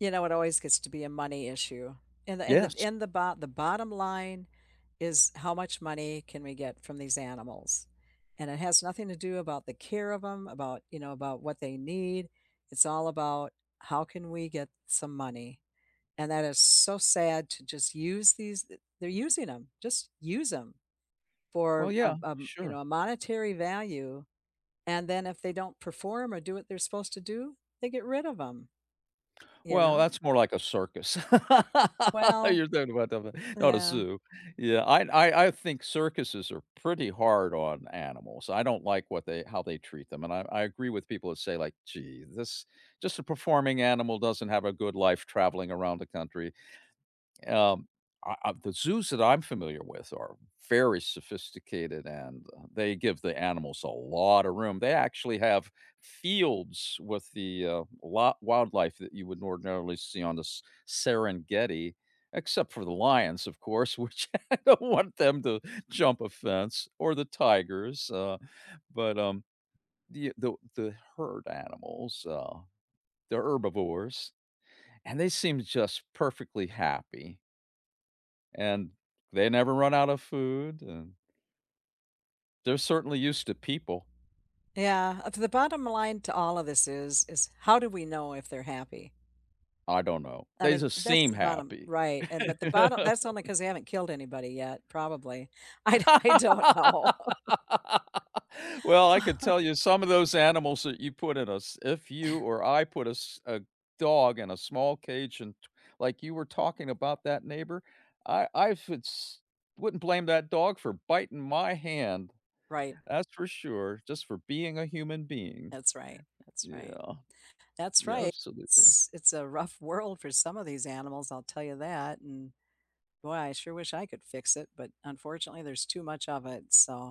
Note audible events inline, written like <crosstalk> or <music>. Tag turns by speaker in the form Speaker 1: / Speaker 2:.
Speaker 1: You know, it always gets to be a money issue and the and the
Speaker 2: Yes.
Speaker 1: and the bot the bottom line is how much money can we get from these animals, and it has nothing to do about the care of 'em, about, you know, about what they need, it's all about how can we get some money, and that is so sad to just use these d they're using 'em, just use 'em
Speaker 2: Well,
Speaker 1: for,
Speaker 2: yeah,
Speaker 1: um um, you
Speaker 2: sure.
Speaker 1: know, a monetary value, and then if they don't perform or do what they're supposed to do, they get rid of 'em, you
Speaker 2: Well,
Speaker 1: know?
Speaker 2: that's more like a circus. <laughs>
Speaker 1: Well
Speaker 2: You're talking about that one, not a
Speaker 1: Yeah.
Speaker 2: zoo. Yeah, I I I think circuses are pretty hard on animals, I don't like what they how they treat them, and I I agree with people that say like, "Gee, this" just a performing animal doesn't have a good life traveling around the country. Um, o of the zoos that I'm familiar with are very sophisticated, and, uh, they give the animals a lotta room. They actually have fields with the, uh, la wildlife that you wouldn't ordinarily see on this S Serengeti, except for the lions, of course, which I don't want them to jump a fence or the tigers, uh, but, um, the the the herd animals, uh, they're herbivores, and they seemed just perfectly happy and they never run out of food and they're certainly used to people.
Speaker 1: Yeah, uh, to the bottom line to all of this is, is how do we know if they're happy?
Speaker 2: I don't know,
Speaker 1: I
Speaker 2: they
Speaker 1: mean,
Speaker 2: just
Speaker 1: that's
Speaker 2: seem
Speaker 1: the bottom
Speaker 2: happy.
Speaker 1: Right, and but the bottom
Speaker 2: <laughs>
Speaker 1: that's only cause they haven't killed anybody yet, probably. I do I don't know. <laughs>
Speaker 2: <laughs> Well, I could
Speaker 1: <laughs>
Speaker 2: tell you some of those animals that you put in a s if you or I put a s a dog in a small cage and to like, you were talking about that neighbor, I I futz wouldn't blame that dog for biting my hand,
Speaker 1: Right.
Speaker 2: that's for sure, just for being a human being.
Speaker 1: That's right, that's right.
Speaker 2: Yeah.
Speaker 1: That's
Speaker 2: Yeah,
Speaker 1: right,
Speaker 2: absolutely.
Speaker 1: s it's a rough world for some of these animals, I'll tell you that, and boy, I sure wish I could fix it, but unfortunately there's too much of it, so